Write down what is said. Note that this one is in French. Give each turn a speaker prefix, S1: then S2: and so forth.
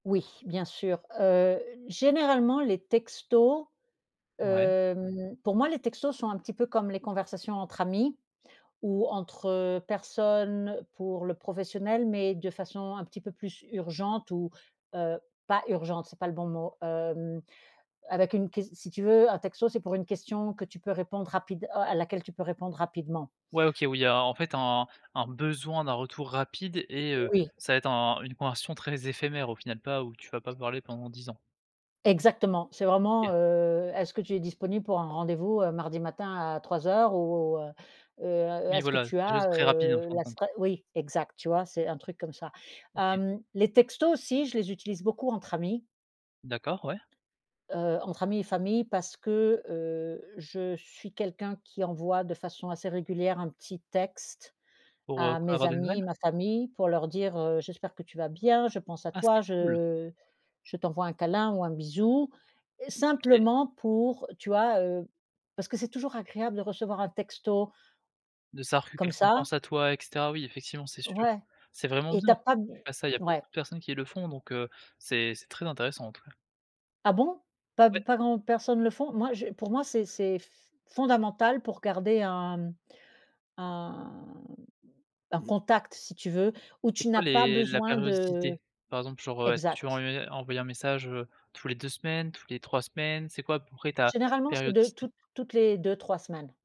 S1: Oui, bien sûr. Heu, généralement les textos,
S2: Ouais.
S1: hem pour moi les textos sont un petit peu comme les conversations entre amis ou entre personnes pour le professionnel, mais de façon un petit peu plus urgente ou, heu, pas «urgente», c'est pas le bon mot, hem, avec une ques si tu veux, heu, un texto, c'est pour une question que tu peux répondre rapide oh à laquelle tu peux répondre rapidement.
S2: Ouais, OK, où il y a, en fait, un un besoin d'un retour rapide et heu,
S1: Oui.
S2: ça va être un une conversion très éphémère au final, pas où tu vas pas parler pendant 10 ans.
S1: Exactement, c'est vraiment
S2: OK.
S1: heu: «Est-ce que tu es disponible pour un rendez-vous, heu, mardi matin à 3:00 ou heu, heu,
S2: Oui,
S1: est-ce que
S2: voilà
S1: tu
S2: quelque chose
S1: as,
S2: très rapide en
S1: heu,
S2: fin de
S1: la
S2: compte.
S1: sprea», oui exact, tu vois? C'est un truc comme ça.
S2: OK.
S1: Hem, les textos aussi, je les utilise beaucoup entre amis
S2: D'accord, ouais.
S1: heu, entre amis et famille parce que, heu, je suis quelqu'un qui envoie de façon assez régulière un petit texte
S2: Pour, heu,
S1: à
S2: quoi,
S1: mes
S2: avoir des nouvelles?
S1: amis, ma famille pour leur dire, heu: «J'espère que tu vas bien, je pense à
S2: Ah c'est
S1: toi,
S2: cool!
S1: je je t'envoie un câlin ou un bisou»,
S2: OK.
S1: simplement pour tu vois, heu? Parce que c'est toujours agréable de recevoir un texto
S2: De savoir que
S1: comme
S2: quelqu'un
S1: ça.
S2: pense à toi et cetera, oui effectivement, c'est sûr.
S1: Ouais,
S2: C'est vraiment
S1: et
S2: bien
S1: tu as pas d
S2: que tu fasses ça, il y a pas
S1: ouais.
S2: beaucoup de personnes qui le font donc, heu, c'est c'est très intéressant, en tous cas.
S1: Ah bon? Pas b
S2: Ouais!
S1: pas grand personne le font? Moi je pour moi c'est c'est f fondamental pour garder un, mmh, un un contact, si tu veux, où
S2: C'est
S1: tu
S2: quoi
S1: n'as pas
S2: les la
S1: besoin de
S2: périodicité? Par exemple, genre heu, est-ce que tu vas
S1: exact!
S2: en envoyer un message, heu, toutes les 2 semaines, toutes les 3 semaines? C'est quoi à peu près ta
S1: Généralement, c'est de
S2: périodicité?
S1: toutes toutes les 2-3 semaines.